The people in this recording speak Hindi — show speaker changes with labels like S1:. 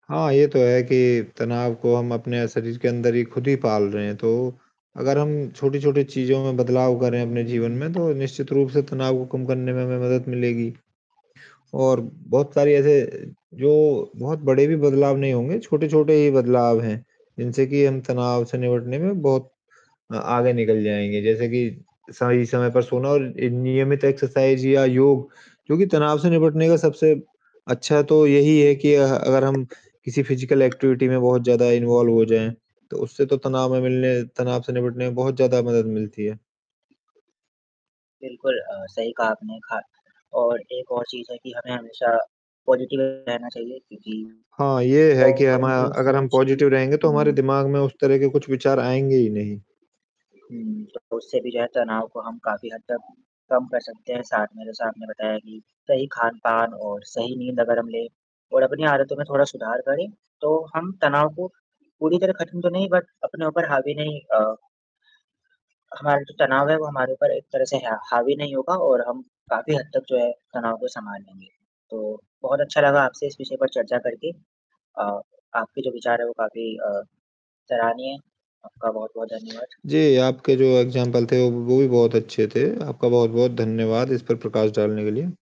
S1: हाँ, ये तो है कि तनाव को हम अपने अ, शरीर के अंदर ही खुद ही पाल रहे हैं, तो अगर हम छोटी-छोटी चीज़ों में बदलाव करें अपने जीवन में, तो निश्चित रूप से तनाव को कम करने में हमें मदद मिलेगी। और बहुत सारे ऐसे जो बहुत बड़े भी बदलाव नहीं होंगे, छोटे-छोटे ही बदलाव हैं, जिनसे कि हम तनाव से निपटने में बहुत अ, आगे निकल जाएँगे। जैसे कि, सही समय पर सोना और एक नियमित एक्सरसाइज़ या योग, जो कि तनाव से निपटने का सबसे अच्छा तो यही है कि अ, अगर हम किसी फिज़िकल एक्टिविटी में बहुत ज़्यादा इन्वॉल्व हो जाएँ, तो उससे तो तनाव में मिलने तनाव से निपटने में बहुत ज़्यादा मदद मिलती है।
S2: बिल्कुल अ, सही कहा आपने खा और 1 और चीज़ है कि हमें हमेशा, पॉज़िटिव रहना चाहिए क्योंकि
S1: हाँ, ये है कि हम अ,
S2: पॉज़िटिव
S1: अगर हम
S2: सोच ही,
S1: पॉज़िटिव रहेंगे, तो हमारे
S2: हुँ
S1: दिमाग में उस तरह के कुछ विचार आएँगे ही नहीं।
S2: हुँ। तो उससे भी जो है तनाव को हम काफ़ी हद तक कम कर सकते हैं। साथ में जैसा आपने बताया कि सही खान-पान और सही नींद अगर हम लें, और अपनी आदतों में थोड़ा सुधार करें, तो हम तनाव को पूरी तरह ख़त्म तो नहीं बट अपने ऊपर हावी नहीं अ हमारा जो तनाव है वो हमारे ऊपर एक तरह से हा हावी नहीं होगा और हम काफ़ी हद तक जो है, तनाव को सँभाल लेंगे। तो बहुत अच्छा लगा आपसे इस विषय पर चर्चा करके। अ, आपके जो विचार हैं वो काफ़ी अ, सराहनीय हैं, आपका बहुत-बहुत धन्यवाद।
S1: जी, आपके जो एग्ज़ाम्पल थे, वो वो भी बहुत अच्छे थे। आपका बहुत-बहुत धन्यवाद इस पर प्रकाश डालने के लिए।